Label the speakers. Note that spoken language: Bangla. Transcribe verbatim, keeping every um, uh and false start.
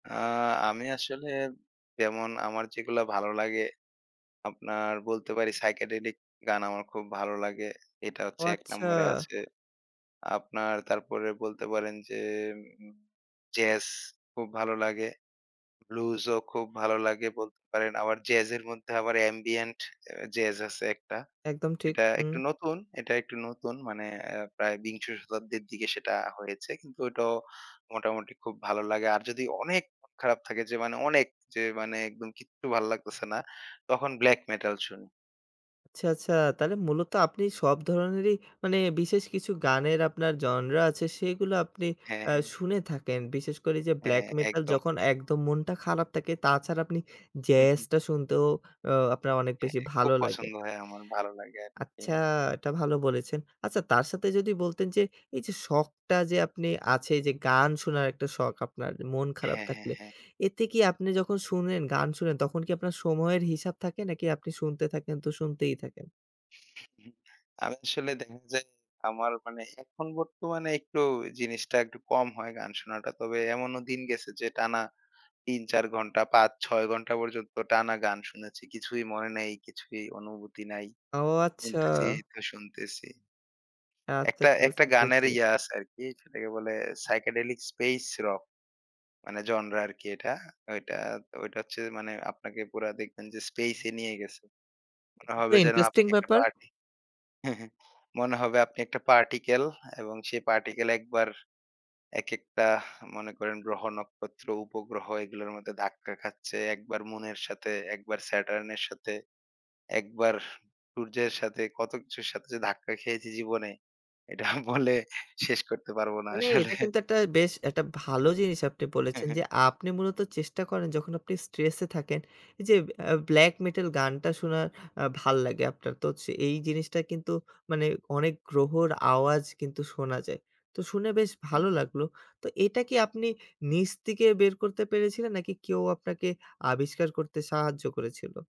Speaker 1: আ আমি আসলে যেমন আমার যেগুলা ভালো লাগে, আপনার বলতে পারি psychedelic গান আমার খুব ভালো লাগে। এটা
Speaker 2: ও
Speaker 1: হচ্ছে এক
Speaker 2: আচ্ছা!
Speaker 1: নম্বরে আছে। আপনার তারপরে বলতে পারেন যে উম জ্যাজ খুব ভালো লাগে। ব্লুজও খুব ভালো লাগে বলতে পারেন। আবার জ্যাজের মধ্যে আবার অ্যাম্বিয়েন্ট অ্যা জ্যাজ আছে একটা।
Speaker 2: একদম ঠিক।
Speaker 1: এটা একটু
Speaker 2: হু।
Speaker 1: নতুন এটা একটু নতুন মানে অ্যা প্রায় বিংশ শতাব্দীর দিকে সেটা হয়েছে কিন্তু ওটাও মোটামুটি খুব ভালো লাগে। আর যদি অনেক [unintelligible] খারাপ থাকে যে মানে অনেক। যে মানে একদম কিচ্ছু ভালো লাগতেছে না, তখন ব্ল্যাক মেটাল শুনি।
Speaker 2: আচ্ছা, আচ্ছা! তাহলে মূলত আপনি সব ধরনেরই মানে বিশেষ কিছু গানের আপনার জনরা আছে, সেইগুলো আপনি
Speaker 1: হ্যাঁ,
Speaker 2: অ্যা
Speaker 1: হ্যাঁ।
Speaker 2: শুনে থাকেন। বিশেষ করে যে ব্ল্যাক
Speaker 1: হ্যাঁ,
Speaker 2: মেটাল
Speaker 1: একদম।
Speaker 2: যখন একদম মনটা খারাপ থাকে। তাছাড়া আপনি
Speaker 1: হু, হু।
Speaker 2: জ্যাজটা শুনতেও অ্যা আপনার অনেক
Speaker 1: হ্যাঁ,
Speaker 2: বেশি
Speaker 1: খুব
Speaker 2: ভালো লাগে।
Speaker 1: পছন্দ হয় আমার। ভালো লাগে আরকি।
Speaker 2: আচ্ছা! এটা ভালো বলেছেন। আচ্ছা তার সাথে যদি বলতেন যে এই যে শখটা যে আপনি আছে। এইযে গান শোনার একটা শখ আপনার মন খারাপ
Speaker 1: হ্যাঁ, হ্যাঁ,
Speaker 2: থাকলে,
Speaker 1: হ্যাঁ।
Speaker 2: এতে কি আপনি যখন শুনেন, গান শুনেন, তখন কি আপনার সময়ের হিসাব থাকে নাকি আপনি শুনতে থাকেন তো শুনতেই থাকেন?
Speaker 1: আমি আসলে দেখা যায় আমার মানে এখন বর্তমানে একটু জিনিসটা একটু কম হয় গান শোনাটা। তবে এমনও দিন গেছে যে টানা তিন, চার ঘণ্টা, পাঁচ, ছয় ঘণ্টা পর্যন্ত টানা গান শুনেছি। কিছুই মনে নাই, কিছুই অনুভূতি নাই।
Speaker 2: ও আচ্ছা!
Speaker 1: শুনতেছিই তো শুনতেছি।
Speaker 2: আচ্ছা,
Speaker 1: একটা,
Speaker 2: আচ্ছা।
Speaker 1: একটা,
Speaker 2: বুঝতে
Speaker 1: গানের
Speaker 2: পেরেছি।
Speaker 1: ইয়া আছে আরকি, সেটাকে বলে psychedelic space rock মানে জনরা আরকি এটা। ওইটা তো ওইটা হচ্ছে মানে আপনাকে পুরা দেখবেন যে স্পেসে নিয়ে গেছে। মনে
Speaker 2: এটা তো
Speaker 1: হবে যেন
Speaker 2: ইন্টারেস্টিং
Speaker 1: আপনি একটা
Speaker 2: ব্যাপার।
Speaker 1: পার্টি। মনে হবে আপনি একটা পার্টিকেল এবং সেই পার্টিকেল একবার একেকটা মনে করেন গ্রহ, নক্ষত্র, উপগ্রহ এগুলার মধ্যে ধাক্কা খাচ্ছে, একবার মুনের সাথে, একবার স্যাটার্নের সাথে, একবার সূর্যের সাথে, কত কিছুর সাথে যে ধাক্কা খেয়েছি জীবনে, এটা বলে শেষ করতে পারব না
Speaker 2: মানে
Speaker 1: আসলে।
Speaker 2: এটা কিন্তু একটা বেশ একটা ভালো জিনিস আপনি
Speaker 1: হ্যাঁ,
Speaker 2: বলেছেন।
Speaker 1: হ্যাঁ।
Speaker 2: যে আপনি মূলত চেষ্টা করেন যখন আপনি স্ট্রেসে থাকেন, এই যে অ্যা ব্লাক মেটাল গানটা শোনার আ ভাল্লাগে আপনার। তো হচ্ছে এই জিনিসটা কিন্তু মানে অনেক গ্রহর আওয়াজ কিন্তু শোনা যায়। তো শুনে বেশ
Speaker 1: হু,
Speaker 2: ভালো
Speaker 1: হু।
Speaker 2: লাগলো। তো এটা কি আপনি নিজ থেকে বের করতে পেরেছিলেন? নাকি কেউ আপনাকে আবিষ্কার করতে সাহায্য করেছিল?